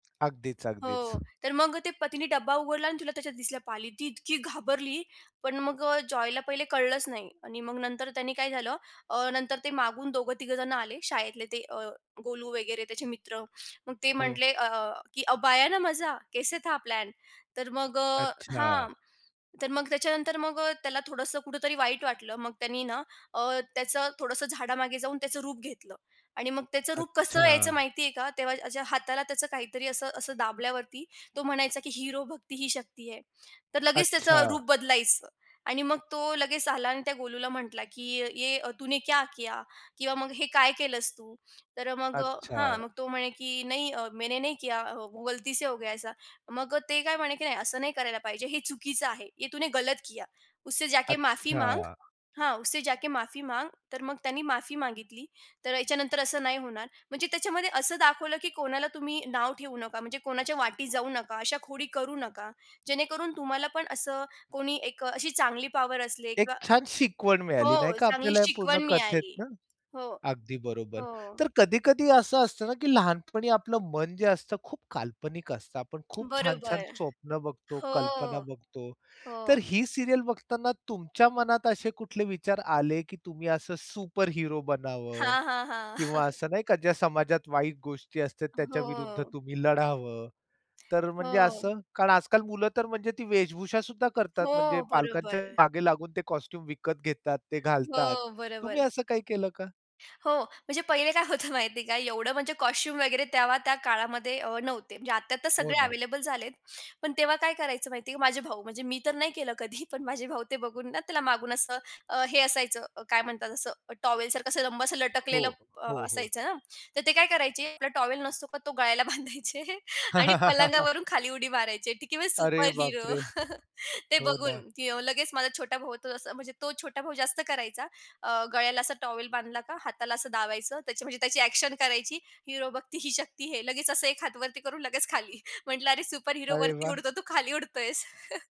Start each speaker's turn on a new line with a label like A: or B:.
A: अगदीच, अगदीच.
B: हो. तर मग ते पतीनी डब्बा उघडला आणि तिला त्याच्यात दिसल्या पाली. ती इतकी घाबरली. पण मग अ, जॉयला पहिले कळलंच नाही आणि मग नंतर त्याने काय झालं अ, नंतर ते मागून दोघं-तिघंजण आले शाळेतले ते अ, गोलू वगैरे त्याचे मित्र. मग ते
A: हो.
B: म्हटले, अ, की, "अब आया ना मजा, कैसे था प्लॅन?" तर मग अ हां,
A: अच्छा.
B: तर मग त्याच्यानंतर मग अ, त्याला थोडंसं कुठेतरी वाईट वाटलं. मग त्यानी ना अ, त्याचं थोडसं झाडामागे जाऊन त्याचं रूप घेतलं आणि मग त्याचं रूप कसं यायचं
A: अच्छा.
B: माहिती आहे का? तेव्हा हाताला त्याचं काहीतरी असं असं दाबल्यावरती तो म्हणायचा की, "हिरो भक्ती ही शक्ती है." तर लगेच
A: अच्छा.
B: त्याचं रूप बदलायचं. आणि मग तो लगेच आला आणि त्या गोलूला म्हटला, की "ये तूने क्या किया?" किंवा मग "हे काय केलंस तू?" तर अ, मग हां,
A: अच्छा.
B: मग तो म्हणे, की "नहीं अ, मैंने नहीं किया, वो गलती से हो गया ऐसा." मग अ, ते काय म्हणे, की "नाही, असं नाही करायला पाहिजे. हे चुकीचं आहे." "ये तूने गलत किया. उससे जाके माफी मांग
A: अच्छा.
B: हां, उससे जाके माफी मांग." तर मग त्यांनी माफी मागितली. तर ह्याच्यानंतर असं नाही होणार. म्हणजे त्याच्यामध्ये असं दाखवलं की कोणाला तुम्ही नाव ठेवू नका, म्हणजे कोणाच्या वाट्याला जाऊ नका. अशा खोडी करू नका. जेणेकरून तुम्हाला पण असं कोणी एक अ, अशी चांगली पॉवर असले
A: एक
B: किंवा
A: छान शिकवण मिळाली नाही
B: हो,
A: का?
B: चांगली
A: आपल्याला पूर्ण
B: शिकवण मिळाली.
A: कथेतनं.
B: हो.
A: अगदी बरोबर.
B: हो.
A: तर कधी-कधी असं असतं ना की लहानपणी आपलं मन जे असतं खूप काल्पनिक असतं. आपण खूप छान-छान
B: बरोबर.
A: स्वप्न बघतो,
B: हो,
A: कल्पना बघतो. तर
B: हो.
A: ही सीरियल बघताना तुमच्या मनात असे कुठले विचार आले, की तुम्ही असं सुपर हिरो बनावं
B: हां, हां, हां.
A: किंवा असं नाही का? ज्या समाजात वाईट गोष्टी असतात, त्याच्या विरुद्ध
B: हो.
A: तुम्ही लढावं. तर म्हणजे
B: हो.
A: असं कारण आज-काल मुलं तर म्हणजे ती वेशभूषासुद्धा करतात, म्हणजे
B: हो.
A: पालकांच्या
B: बरोबर.
A: मागे लागून ते कॉस्ट्यूम विकत घेतात, ते घालतात.
B: हो.
A: तुम्ही
B: बरोबर.
A: असं काही केलं का?
B: हो, म्हणजे पहिले काय होतं माहितीये का? एवढं म्हणजे कॉस्ट्यूम वगैरे तेव्हा त्या काळामध्ये अ, नव्हते, म्हणजे आत्ता तर
A: हो
B: सगळे
A: ना.
B: अवेलेबल झालेत, पण तेव्हा काय करायचं माहिती आहे का? माझे भाऊ म्हणजे मी तर नाही केलं कधी. पण माझे भाऊ ते बघून ना, त्याला मागून असं अ, हे असायचं अ, काय म्हणतात? असं टॉवेलसारखं असं लांब असं
A: हो,
B: लटकलेलं अ,
A: हो, हो.
B: असायचं ना. तर ते काय करायचे, आपला टॉवेल नसतो का? तो गळ्याला बांधायचे आणि पलंगावरून खाली उडी मारायचे की मी सुपर
A: अरे,
B: हीरो
A: बापरे!
B: ते
A: हो ना.
B: बघून, की अ, लगेच माझा छोटा भाऊ होतो असा म्हणजे तो छोटा भाऊ जास्त करायचा अ, गळ्याला असा टॉवेल बांधला का, हाताला असं दाबायचं त्याची म्हणजे त्याची अ‍ॅक्शन करायची हिरो भक्ती ही शक्ती है. लगेच असं एक हात वरती करून लगेच खाली. म्हटलं, "अरे, सुपर हीरो
A: अरे,
B: वरती
A: वाह!
B: उडतो. तू खाली उडतोयेस."